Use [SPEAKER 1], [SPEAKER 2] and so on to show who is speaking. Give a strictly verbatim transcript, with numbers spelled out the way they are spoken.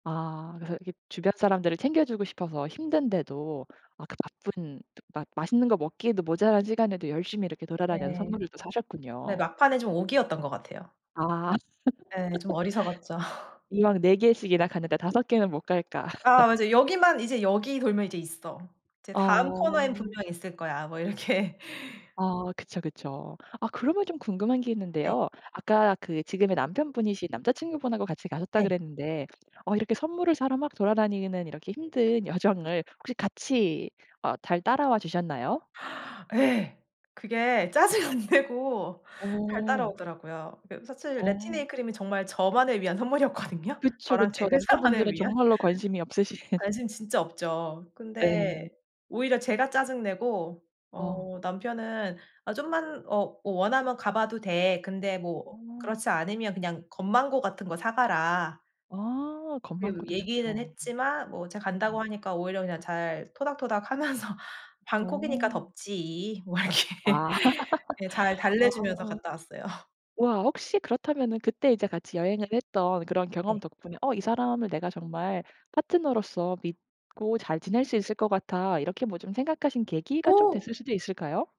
[SPEAKER 1] 아. 그래서 이렇게 주변 사람들을 챙겨 주고 싶어서 힘든데도 그 바쁜 마 맛있는 거 먹기에도 모자란 시간에도 열심히 이렇게 돌아다녀서
[SPEAKER 2] 네.
[SPEAKER 1] 선물을 또
[SPEAKER 2] 근데
[SPEAKER 1] 사셨군요.
[SPEAKER 2] 막판에 좀 오기였던 것 같아요.
[SPEAKER 1] 아.
[SPEAKER 2] 네. 좀 어리석었죠.
[SPEAKER 1] 이왕 네 개씩이나 가니까 다섯 개는 못 갈까.
[SPEAKER 2] 아아 맞아요. "여기만 이제 여기 돌면 이제 있어. 이제 다음 코너에는
[SPEAKER 1] 어.
[SPEAKER 2] 분명히 있을 거야." 뭐 이렇게.
[SPEAKER 1] 아. 그쵸, 그쵸. 아 그러면 좀 궁금한 게
[SPEAKER 2] 네.
[SPEAKER 1] 있는데요. 아까 그 지금의 남편분이신 남자 친구분 하고 같이 가셨다
[SPEAKER 2] 네.
[SPEAKER 1] 그랬는데 어 이렇게 선물을 사러 막 돌아다니는 이렇게 힘든 여정을 혹시 같이 어 잘 따라와 주셨나요?
[SPEAKER 2] 예. 그게 짜증 안 내고 잘
[SPEAKER 1] 어.
[SPEAKER 2] 따라오더라고요. 그 사실
[SPEAKER 1] 어.
[SPEAKER 2] 레티네일 크림이 정말 저만을 위한 선물이었거든요
[SPEAKER 1] 그쵸,
[SPEAKER 2] 저랑 제
[SPEAKER 1] 그쵸.
[SPEAKER 2] 회사만을
[SPEAKER 1] 남자분들은
[SPEAKER 2] 위한.
[SPEAKER 1] 정말로 관심이 없으신.
[SPEAKER 2] 관심 진짜 없죠.
[SPEAKER 1] 예.
[SPEAKER 2] 근데 오히려 제가 짜증 내고
[SPEAKER 1] 어.
[SPEAKER 2] 어 남편은 "아 좀만 어 어 원하면 가 봐도 돼. 근데 뭐
[SPEAKER 1] 음.
[SPEAKER 2] 그렇지 않으면 그냥 건망고 같은 거 사 가라."
[SPEAKER 1] 아.
[SPEAKER 2] 음.
[SPEAKER 1] 건망고도
[SPEAKER 2] 얘기는
[SPEAKER 1] 좋죠 음.
[SPEAKER 2] 했지만 뭐 제가 간다고
[SPEAKER 1] 음.
[SPEAKER 2] 하니까 오히려 그냥 잘 토닥토닥 하면서 "방콕이니까
[SPEAKER 1] 어.
[SPEAKER 2] 덥지." 뭐 이렇게.
[SPEAKER 1] 아.
[SPEAKER 2] 예. 잘 달래 주면서
[SPEAKER 1] 아.
[SPEAKER 2] 갔다 왔어요.
[SPEAKER 1] 와 혹시 그렇다면은 그때 이제 같이 여행을 했던 그런 경험
[SPEAKER 2] 네.
[SPEAKER 1] 덕분에 '어 이 사람을 내가 정말 파트너로서 믿고 잘 지낼 수 있을 것 같아.' 이렇게 뭐 좀 생각하신 계기가 좀
[SPEAKER 2] 오.
[SPEAKER 1] 됐을 수도 있을까요?